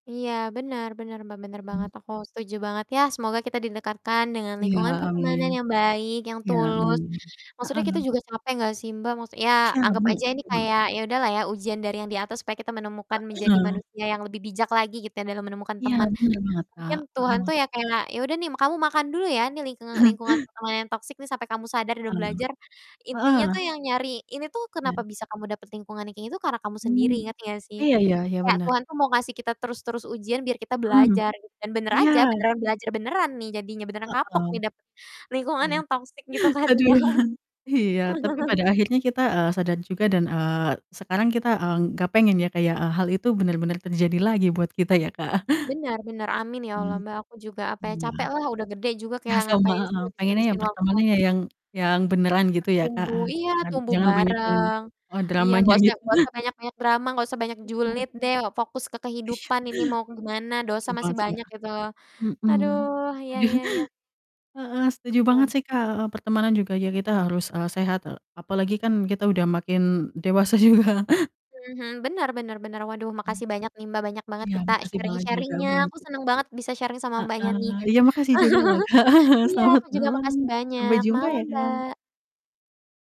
Iya, bener bener, Mbak, bener banget, Mhm. aku setuju banget. Ya, semoga kita didekatkan dengan Iya, lingkungan amin pertemanan yang baik, yang iya, tulus. amin. Maksudnya kita Heeh. juga capek enggak sih, Mbak, maksud ya, anggap Capek, aja ini gitu loh. kayak, ya udah lah ya ujian dari yang Di Atas supaya kita menemukan menjadi Heeh. manusia yang lebih bijak lagi gitu ya, dalam menemukan Iya, teman. bener banget, Mungkin Kak. Tuhan Heeh. tuh ya kayak, "Ya udah nih m kamu makan dulu ya, nih lingkungan lingkungan pertemanan yang toksik nih, sampai kamu sadar dan Ah. belajar." Intinya Heeh. tuh yang nyari ini tuh kenapa Iya. bisa kamu dapat lingkungan yang kayak gini tuh, karena kamu sendiri, Hmm. ngerti gak sih? Iya iya iya, Kayak bener. Tuhan tuh mau ngasih kita terus-terus ujian biar kita Mhm. belajar, gitu. Dan bener aja, Iya. beneran belajar beneran nih jadinya, beneran kapok Heeh. nih dapet lingkungan Iya. yang toksik gitu kan Aduh. ya. Iya, tapi pada akhirnya kita, eee, sadar juga dan, eee, sekarang kita, eee, nggak pengen ya, kayak, eee, hal itu bener-bener terjadi lagi buat kita ya, Kak. Benar benar, amin ya Allah, Hmm. Mbak, aku juga, apa ya, Iya. capek lah, udah gede juga Ya kayak sama, ngapain sih heeh. Pengennya ya, ngabis-ngabisin waktu. pertemanannya ya yang yang beneran gitu ya, Kak, Bertumbuh heeh. iya, Jangan tumbuh jangan banyak yang bareng. eh, Iya, dramanya enggak usah yang gitu. enggak usah banyak-banyak drama, enggak usah banyak Heeh. julid deh, fokus ke Iya. kehidupan ini mau gimana, dosa Setuju banget masih sih, banyak Kak. gitu loh. Mhm. Aduh, iya Aduh. iya iya. Heeh, setuju banget Mmm. sih, Kak, heeh, pertemanan juga ya kita harus, eee, sehat e apalagi kan kita udah makin dewasa juga. Mhm mhm, benar benar benar, waduh, Hmm. makasih banyak nih, Mbak, banyak banget Iya, kita makasih banget juga sharing-sharing-nya, aku berarti. seneng banget bisa sharing sama Mbaknya Heeh, nih. iya makasih juga loh, Kak. Iya, Selamat aku juga malam, makasih sampai banyak. jumpa Malam, ya, Kak. Mbak.